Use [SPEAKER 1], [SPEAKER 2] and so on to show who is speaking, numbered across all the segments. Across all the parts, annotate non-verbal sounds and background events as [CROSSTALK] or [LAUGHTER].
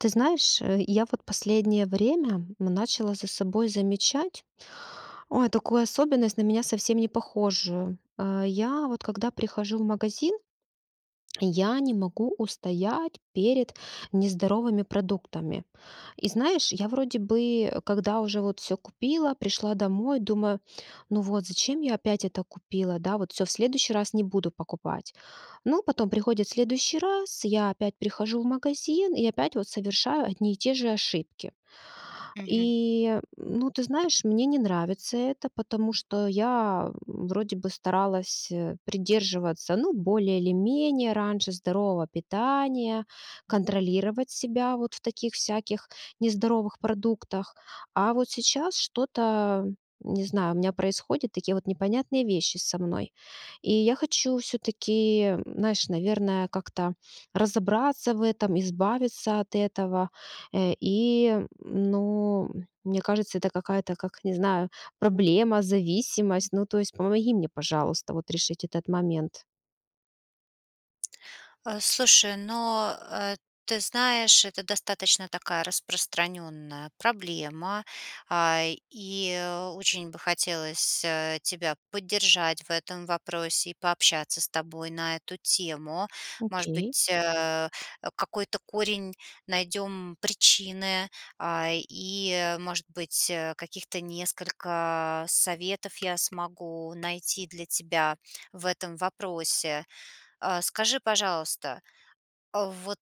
[SPEAKER 1] Ты знаешь, э, я вот последнее время, м, начала за собой замечать, ой, такую особенность, на меня совсем не похожую. Э-э, я, вот когда прихожу в магазин, я не могу устоять перед нездоровыми продуктами. И знаешь, я вроде бы, когда уже вот всё купила, пришла домой, думаю: "Ну вот, зачем я опять это купила, да? Вот всё, в следующий раз не буду покупать". Но потом приходит следующий раз, я опять прихожу в магазин и опять вот совершаю одни и те же ошибки.
[SPEAKER 2] Мгм.
[SPEAKER 1] И, ну, ты знаешь, мне не нравится это, потому что я вроде бы старалась, э, придерживаться, ну, более или менее, раньше, здорового питания, контролировать себя вот в таких всяких нездоровых продуктах, а вот сейчас что-то, не знаю, у меня происходят такие вот непонятные вещи со мной, и я хочу всё-таки, знаешь, наверное, как-то, разобраться в этом, избавиться от этого, э, и, ну, мне кажется, это какая-то как, не знаю, проблема, зависимость. Ну, то есть помоги мне, пожалуйста, вот решить этот момент.
[SPEAKER 2] Э, слушай, ну, э, ты знаешь, это достаточно такая распространенная проблема, а, и очень бы хотелось, э, тебя поддержать в этом вопросе, и пообщаться с тобой на эту тему. Может
[SPEAKER 1] Окей.
[SPEAKER 2] быть, э-э, э, какой-то корень найдем причины, а, и, может быть, э, каких-то несколько советов я смогу найти для тебя в этом вопросе. Э, скажи, пожалуйста, э, вот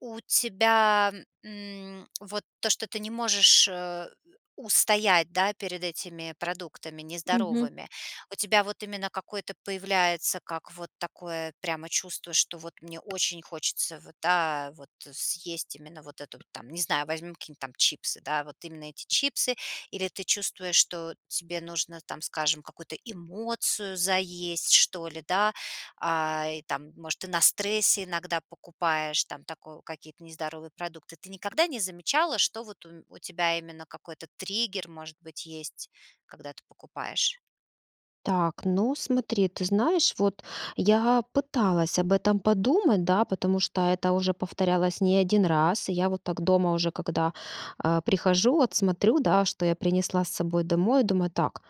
[SPEAKER 2] у тебя, мм, вот то, что ты не можешь, э, устоять, да, перед этими продуктами
[SPEAKER 1] Мгм.
[SPEAKER 2] нездоровыми, у тебя вот именно какое-то появляется, как, вот такое прямо чувство, что вот: "Мне очень хочется, вот да, вот съесть именно вот это",- там, не знаю, возьмем какие-нибудь там чипсы, да, вот именно эти чипсы? Или ты чувствуешь, что тебе нужно там, скажем, какую-то эмоцию заесть, что ли, да, а-а, и там, может, ты на стрессе иногда покупаешь там тако какие-то нездоровые продукты? Ты никогда не замечала, что вот у м у тебя именно какой-то триггер, может быть, есть, когда ты покупаешь?
[SPEAKER 1] Так, ну смотри, ты знаешь вот, я пыталась об этом подумать, да, потому, что это уже повторялось не один раз. Я вот так дома уже когда, э, прихожу, вот смотрю, да, что я принесла с собой домой, и думаю: "Так,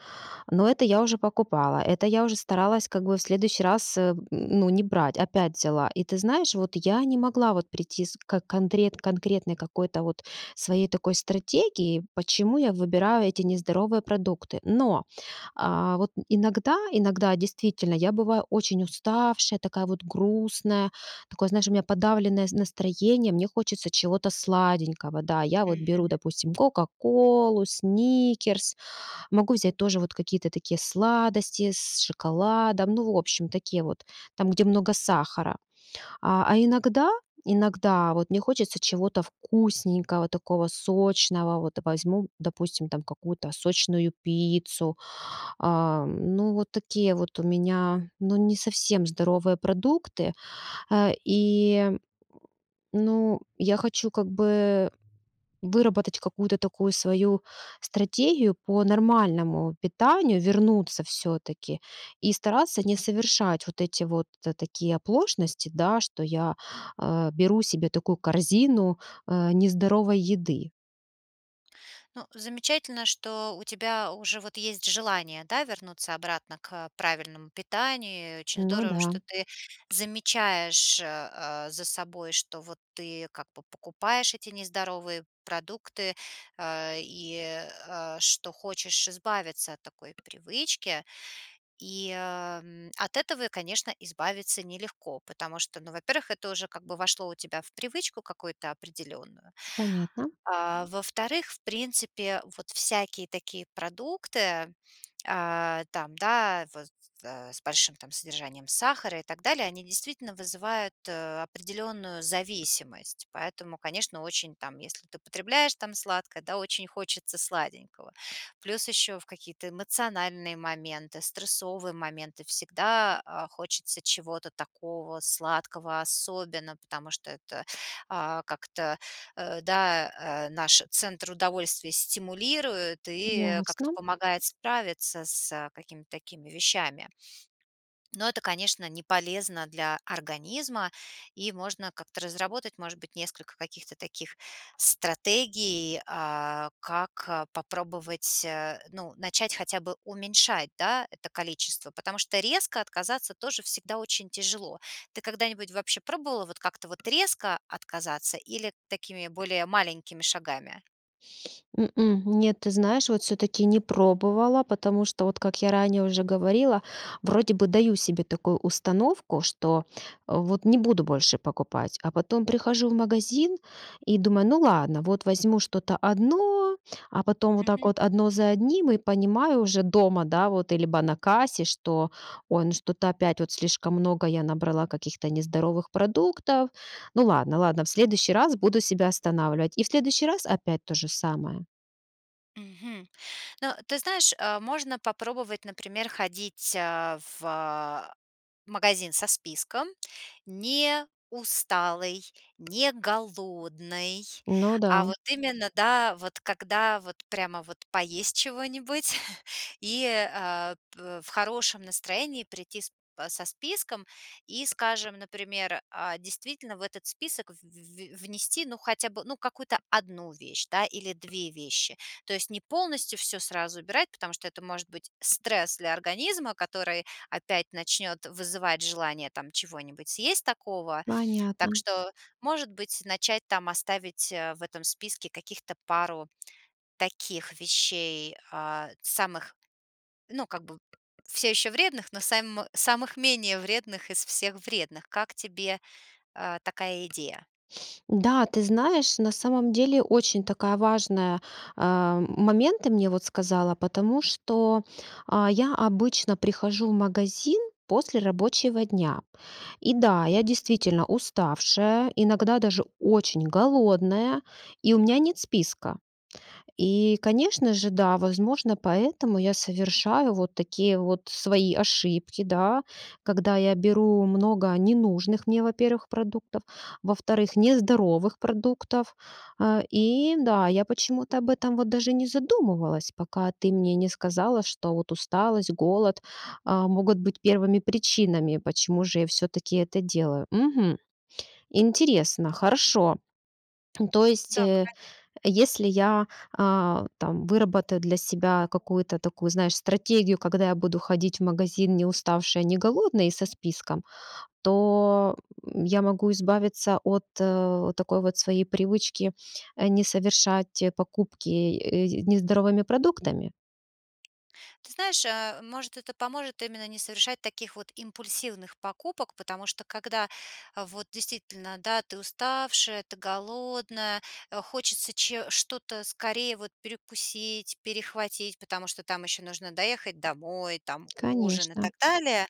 [SPEAKER 1] ну, это я уже покупала, это я уже старалась как бы в следующий раз, э, ну, не брать, опять взяла". И ты знаешь, вот я не могла вот прийти с ко контре конкретной какой-то вот своей такой стратегии, почему я выбираю эти нездоровые продукты. Но, а-а, вот иногда, иногда, действительно, я бываю очень уставшая, такая вот грустная, такое, знаешь, у меня подавленное с настроение, мне хочется чего-то сладенького, да. Я вот беру,
[SPEAKER 2] Мгм.
[SPEAKER 1] допустим, кока-колу, сникерс, могу взять тоже вот какие-то такие сладости, с шоколадом. Ну, в общем, такие вот, там, где много сахара. А а иногда, иногда вот мне хочется чего-то вкусненького такого, сочного: вот возьму, допустим, там какую-то сочную пиццу. А-а, ну, вот такие вот у меня, ну, не совсем здоровые продукты, а, и, [GRUNTS] ну, я хочу как бы выработать какую-то такую свою стратегию по нормальному питанию. Вернуться, всё-таки, и стараться не совершать вот эти вот, э, такие оплошности, да, что я, э, беру себе такую корзину, э, нездоровой еды.
[SPEAKER 2] Ну, замечательно, что у тебя уже вот есть желание, да, вернуться обратно к, э, правильному питанию, очень
[SPEAKER 1] Ну
[SPEAKER 2] здорово,
[SPEAKER 1] да.
[SPEAKER 2] что ты замечаешь, э, э, за собой, что вот ты как бы покупаешь эти нездоровые продукты, а, и, а, что хочешь избавиться от такой привычки. И, ам, от этого, конечно, избавиться нелегко, потому что, ну, во-первых, это уже как бы вошло у тебя в привычку какую-то определенную.
[SPEAKER 1] Понятно.
[SPEAKER 2] А, во-вторых, в принципе вот всякие такие продукты, а-а, там, да, вот, э, с большим там содержанием сахара и так далее, они действительно вызывают, э, определенную зависимость. Поэтому, конечно, очень там, если ты потребляешь там сладкое, да, очень хочется сладенького. Плюс, еще в какие-то эмоциональные моменты, стрессовые моменты, всегда, а, хочется чего-то такого сладкого особенно, потому что это, а, как-то, э, да, э, наш центр удовольствия стимулирует и, э, как-то
[SPEAKER 1] Ясно.
[SPEAKER 2] помогает справиться с, э, какими-то такими вещами. Но это, конечно, не полезно для организма, и можно как-то разработать, может быть, несколько каких-то таких стратегий, а-а, как, а, попробовать, э, ну, начать хотя бы уменьшать, да, это количество. Потому что резко отказаться тоже всегда очень тяжело. Ты когда-нибудь вообще пробовала вот как-то вот резко отказаться, или такими более маленькими шагами?
[SPEAKER 1] М-м, нет. Ты знаешь, вот всё-таки не пробовала. Потому что, вот как я ранее уже говорила, вроде бы даю себе такую установку, что вот не буду больше покупать. А потом прихожу в магазин и думаю: "Ну ладно, вот возьму что-то одно." А потом вот так
[SPEAKER 2] Мгм.
[SPEAKER 1] вот одно за одним, и понимаю уже дома, да, вот либо на кассе, что: "Ой, ну что-то опять вот слишком много я набрала каких-то нездоровых продуктов. Ну ладно, ладно, в следующий раз буду себя останавливать." И в следующий раз опять то же самое.
[SPEAKER 2] Мгм. Но, ты знаешь, э, можно попробовать, например, ходить, э-э, в, э-э, магазин со списком. Не усталой, не голодной,
[SPEAKER 1] Ну
[SPEAKER 2] а
[SPEAKER 1] да.
[SPEAKER 2] вот именно, да, вот когда вот прямо вот поесть чего-нибудь. [CHUCKLES] И, э-э, п в хорошем настроении прийти с п со списком и, скажем, например, э, действительно в этот список в в в внести, ну, хотя бы, ну, какую-то 1 вещь, да, или 2 вещи. То есть не полностью всё сразу убирать, потому что это может быть стресс для организма, который опять начнёт вызывать желание там чего-нибудь съесть такого. Так
[SPEAKER 1] Понятно.
[SPEAKER 2] что, может быть, начать там оставить, э-э, в этом списке каких-то пару [TSK] таких вещей, а-а, самых, ну как бы в всё ещё вредных, но сам самых менее вредных из всех вредных. Как тебе, э-э, такая идея?
[SPEAKER 1] [SNIFFS] Да, ты знаешь, на самом деле очень такая важная, э-э, момент ты мне вот сказала. Потому что, а, я обычно прихожу в магазин после рабочего дня. И да, я действительно уставшая, иногда даже очень голодная, и у меня нет списка. И, конечно же, да, возможно, поэтому я совершаю вот такие вот свои ошибки, да. Когда я беру много ненужных мне, во-первых, продуктов, во-вторых, нездоровых продуктов. А-а, и да, я почему-то об этом вот даже не задумывалась, пока ты мне не сказала, что вот усталость, голод, э-э, могут быть первыми причинами, почему же я всё-таки это делаю. Мгм. Интересно, хорошо. [SWALLOWS] То есть,
[SPEAKER 2] Да,
[SPEAKER 1] э-э,
[SPEAKER 2] кон
[SPEAKER 1] если я, а-а, там выработаю для себя какую-то такую, знаешь, стратегию, когда я буду ходить в магазин неуставшей и неголодной и со списком, то я могу избавиться от, э-э, такой вот своей привычки, э, не совершать покупки, э, нездоровыми продуктами?
[SPEAKER 2] Ты знаешь, э-э, может, это поможет именно не совершать таких вот импульсивных покупок. Потому что когда, а, вот действительно, да, ты уставшая, ты голодная, э, хочется че что-то скорее вот перекусить, перехватить. Потому что там ещё нужно доехать домой, там ужин и
[SPEAKER 1] Конечно.
[SPEAKER 2] так далее.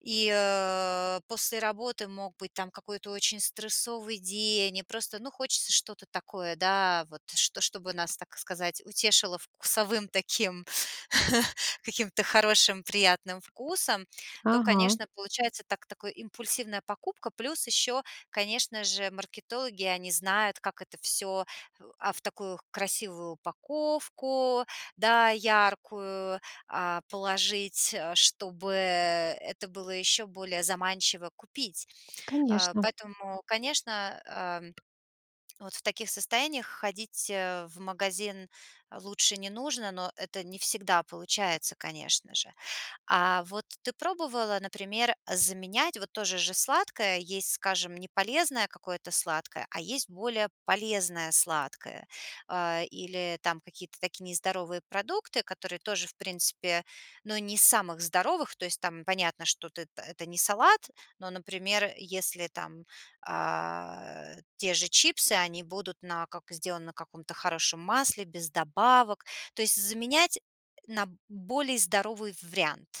[SPEAKER 2] И, э-э, после работы мог быть там какой-то очень стрессовый день. И просто, ну, хочется что-то такое, да, вот, что что бы нас, так сказать, утешило вкусовым таким, [CHUCKLES] каким-то хорошим, приятным вкусом, то,
[SPEAKER 1] Ага.
[SPEAKER 2] конечно, получается так такой импульсивная покупка. Плюс ещё, конечно же, маркетологи. Они знают, как это всё в а в такую красивую упаковку, да, яркую, а, положить, э-э, чтобы это было ещё более заманчиво купить. Э,
[SPEAKER 1] Конечно.
[SPEAKER 2] поэтому, конечно, э-э, [SWALLOWS] вот в таких состояниях ходить, э-э, в магазин лучше не нужно. Но это не всегда получается, конечно же. А-а, вот ты пробовала, например, заменять вот то же же сладкое? Есть, скажем, не полезное какое-то сладкое, а есть более полезное сладкое. А-а, или там какие-то такие нездоровые продукты, которые тоже в принципе, ну, не из самых здоровых. То есть там понятно, что ты это не салат, но, например, если там, а-а, те же чипсы, они будут на как сделаны на каком-то хорошем масле, без добавок, то есть заменять на более здоровый вариант.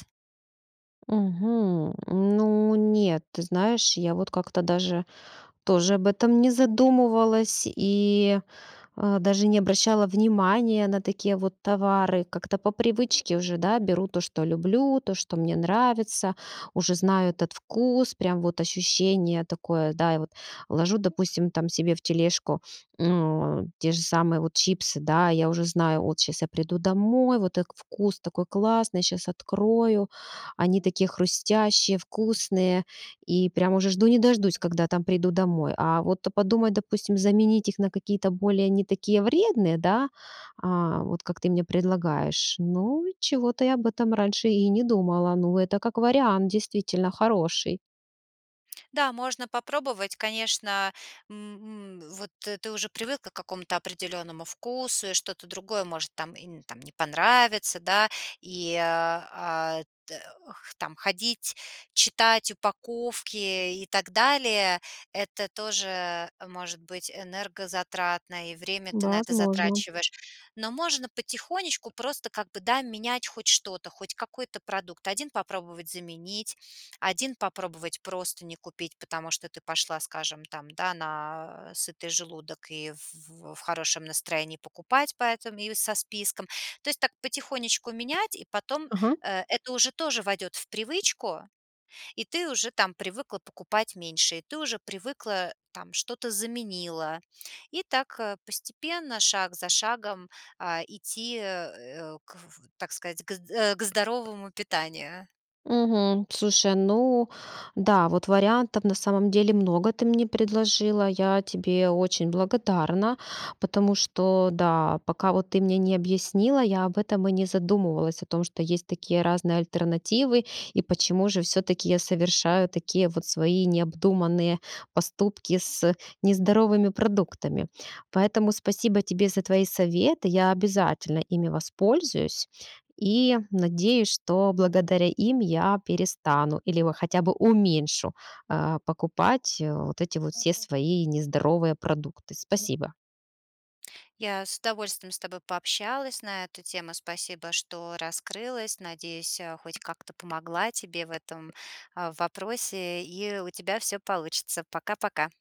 [SPEAKER 1] Мгм. Ну, нет. Ты знаешь, я вот как-то даже тоже об этом не задумывалась и, а, даже не обращала внимания на такие вот товары. Как-то по привычке уже, да, беру то, что люблю, то, что мне нравится, уже знаю этот вкус, прям вот ощущение такое, да, и вот, ложу, допустим, там, себе в тележку, [SNIFFS] ну, те же самые вот чипсы, да, я уже знаю, от щас я приду домой, вот так вкус такой классный, щас открою. Они такие хрустящие, вкусные, и прям уже жду не дождусь когда, там, приду домой. А вот подумать, допустим, заменить их на какие-то более не такие вредные, да, а-а, вот как ты мне предлагаешь... Ну, чего-то я об этом раньше и не думала. Ну, это как вариант действительно хороший.
[SPEAKER 2] Да, можно попробовать, конечно, мм, мм, вот ты уже привыкла к какому-то определенному вкусу, и что-то другое может там и н там не понравится, да, и, а-а, т х там, ходить, читать упаковки и так далее- это тоже, э, может быть энергозатратно, и время ты на
[SPEAKER 1] Да,
[SPEAKER 2] это
[SPEAKER 1] возможно.
[SPEAKER 2] затрачиваешь. Но можно потихонечку просто как бы, да, менять хоть что-то, хоть какой-то продукт. Один попробовать заменить, один попробовать просто не купить, потому что ты пошла, скажем, там, да, на сытый желудок и в в хорошем настроении покупать поэтому и со списком. То есть так потихонечку менять, и
[SPEAKER 1] [SMACKS LIPS]
[SPEAKER 2] потом,
[SPEAKER 1] Ага.
[SPEAKER 2] э, это уже тоже войдет в привычку, и ты уже там привыкла покупать меньше, и ты уже привыкла там, что-то заменила, и так постепенно, шаг за шагом, а-а, идти, э-э, к в в так сказать, к з э, к здоровому питанию.
[SPEAKER 1] Мгм. Слушай, ну, да, вот вариантов на самом деле много ты мне предложила. Я тебе очень благодарна, потому что, да, пока вот ты мне не объяснила, я об этом и не задумывалась, о том, что есть такие разные альтернативы, и почему же всё-таки я совершаю такие вот свои необдуманные поступки с нездоровыми продуктами. Поэтому спасибо тебе за твои советы. Я обязательно ими воспользуюсь и надеюсь, что благодаря им я перестану или вот хотя бы уменьшу, а-а, покупать, э, вот эти вот все свои нездоровые продукты. Спасибо.
[SPEAKER 2] Я с удовольствием с тобой пообщалась на эту тему. Спасибо, что раскрылась. Надеюсь, э, хоть как-то помогла тебе в этом, а, вопросе и у тебя всё получится. Пока-пока!